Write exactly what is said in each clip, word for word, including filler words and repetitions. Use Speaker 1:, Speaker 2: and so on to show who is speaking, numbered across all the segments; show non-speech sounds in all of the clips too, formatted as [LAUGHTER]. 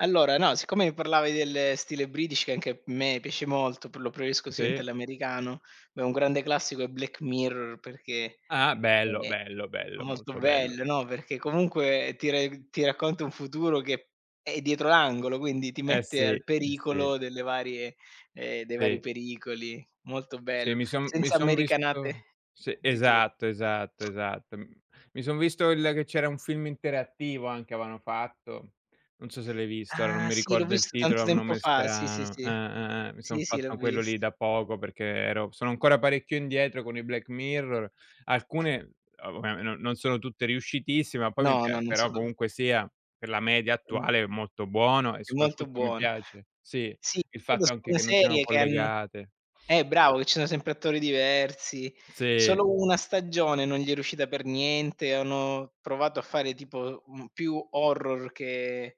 Speaker 1: Allora no, siccome mi parlavi del stile british che anche me piace molto, pr lo prefeisco [UNINTELLIGIBLE]
Speaker 2: Sì.
Speaker 1: all'americano beh, un grande classico è "Black Mirror" perché,
Speaker 2: Ah-ah. Bello,
Speaker 1: è
Speaker 2: bello,
Speaker 1: è
Speaker 2: bello,
Speaker 1: molto
Speaker 2: molto bello.
Speaker 1: bello, no? Perché, comunque, ti reg ti racconta un futuro che, è dietro l'angolo, quindi ti
Speaker 2: Eh,
Speaker 1: mette
Speaker 2: sì. Eh,
Speaker 1: al
Speaker 2: sì.
Speaker 1: pericolo delle varie, ehm, dei vari
Speaker 2: Sì.
Speaker 1: pericoli. Molto
Speaker 2: Sì,
Speaker 1: bell
Speaker 2: mi son mi
Speaker 1: senza
Speaker 2: son visto
Speaker 1: americanate
Speaker 2: sì,
Speaker 1: di tur
Speaker 2: esatto, esatto, esatto. M mi son visto il che c'era un film interattivo, anche, aveano fatto. Non so se l'hai visto, ora non
Speaker 1: Ah!
Speaker 2: mi
Speaker 1: Sì, l'ho
Speaker 2: ricordo il
Speaker 1: visto,
Speaker 2: titolo,
Speaker 1: tanto
Speaker 2: ha un
Speaker 1: tempo
Speaker 2: nome
Speaker 1: fa, sì, sì,
Speaker 2: strano. Eh,
Speaker 1: sì.
Speaker 2: eh, eh. Mi son
Speaker 1: Sì, sì, l'ho
Speaker 2: fatto quello lì
Speaker 1: vist
Speaker 2: da poco, perché ero sono ancora parecchio indietro con i "Black Mirror". Alcune [UNINTELLIGIBLE] non non sono tutte riuscitissime, ma poi mi
Speaker 1: No, no,
Speaker 2: pia
Speaker 1: non so
Speaker 2: però,
Speaker 1: dov
Speaker 2: comunque sia, per la media
Speaker 1: Mh.
Speaker 2: attuale è molto buono, e
Speaker 1: È molto
Speaker 2: soprattutto mi
Speaker 1: buono.
Speaker 2: piace sì,
Speaker 1: Sì,
Speaker 2: il
Speaker 1: è
Speaker 2: fatto
Speaker 1: [UNINTELLIGIBLE]
Speaker 2: anche
Speaker 1: una
Speaker 2: che non siano
Speaker 1: serie che han
Speaker 2: collegate.
Speaker 1: eh, bravo, che ci sono sempre attori diversi,
Speaker 2: Sì.
Speaker 1: solo una stagione non gli è riuscita per niente, hanno provato a fare, tipo, un più horror che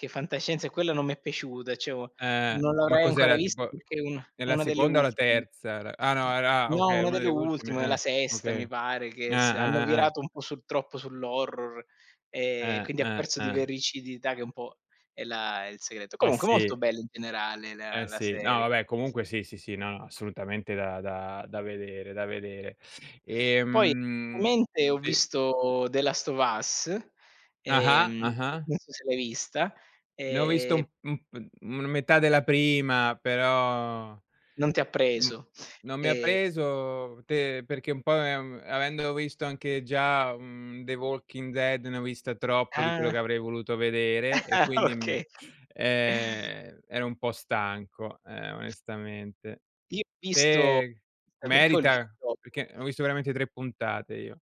Speaker 1: che fantascienza, e quella non mi è piaciuta, ceh, o
Speaker 2: Eh-eh.
Speaker 1: non
Speaker 2: Ma
Speaker 1: l'avrai ancora
Speaker 2: cos'era,
Speaker 1: vist
Speaker 2: tipo
Speaker 1: perché è una
Speaker 2: nella
Speaker 1: una delle
Speaker 2: seconda, o la
Speaker 1: ultim
Speaker 2: terza? Era ah no, era
Speaker 1: no,
Speaker 2: okay,
Speaker 1: una
Speaker 2: una
Speaker 1: delle
Speaker 2: delle ultime.
Speaker 1: ultime, è la
Speaker 2: Eh.
Speaker 1: sesta mi
Speaker 2: Okay.
Speaker 1: pare,
Speaker 2: Gn
Speaker 1: che se hanno
Speaker 2: eh, eh-eh, eh.
Speaker 1: virato un po' sul troppo sull'horror e
Speaker 2: Eh,
Speaker 1: quindi ha
Speaker 2: eh,
Speaker 1: perso di
Speaker 2: eh.
Speaker 1: vericidità che, un po', è la è il segreto.
Speaker 2: Eh,
Speaker 1: Comunque, molto
Speaker 2: sì.
Speaker 1: bello in generale
Speaker 2: Eh,
Speaker 1: le la
Speaker 2: sì. No
Speaker 1: serie.
Speaker 2: vabbè, comunque, sì, sì, sì, no, no, assolutamente da da da vedere, da vedere.
Speaker 1: Poi,
Speaker 2: Ehm
Speaker 1: viamente, ho
Speaker 2: sì.
Speaker 1: visto "The Last of Us",
Speaker 2: Ah-ah.
Speaker 1: ehm,
Speaker 2: Ah-ah.
Speaker 1: non so se l'hai vista.
Speaker 2: Ne ho visto u
Speaker 1: E
Speaker 2: u mhmm, una metà della prima, però,
Speaker 1: Non ti ha
Speaker 2: n
Speaker 1: preso.
Speaker 2: non mi ha
Speaker 1: E
Speaker 2: preso, te perché un po', ehm, avendo uisto anche già, uhm, The Walking Dead, ne ho vista troppo di quello che
Speaker 1: Ah.
Speaker 2: avrei voluto vedere, e
Speaker 1: Ah,
Speaker 2: quindi mi
Speaker 1: oka. [CHUCKLES]
Speaker 2: ehm, ero un po' stanco, eh, onestamente.
Speaker 1: Io ho visto
Speaker 2: Te merita? Perché ho visto
Speaker 1: [UNINTELLIGIBLE]
Speaker 2: veramente tre puntate, io.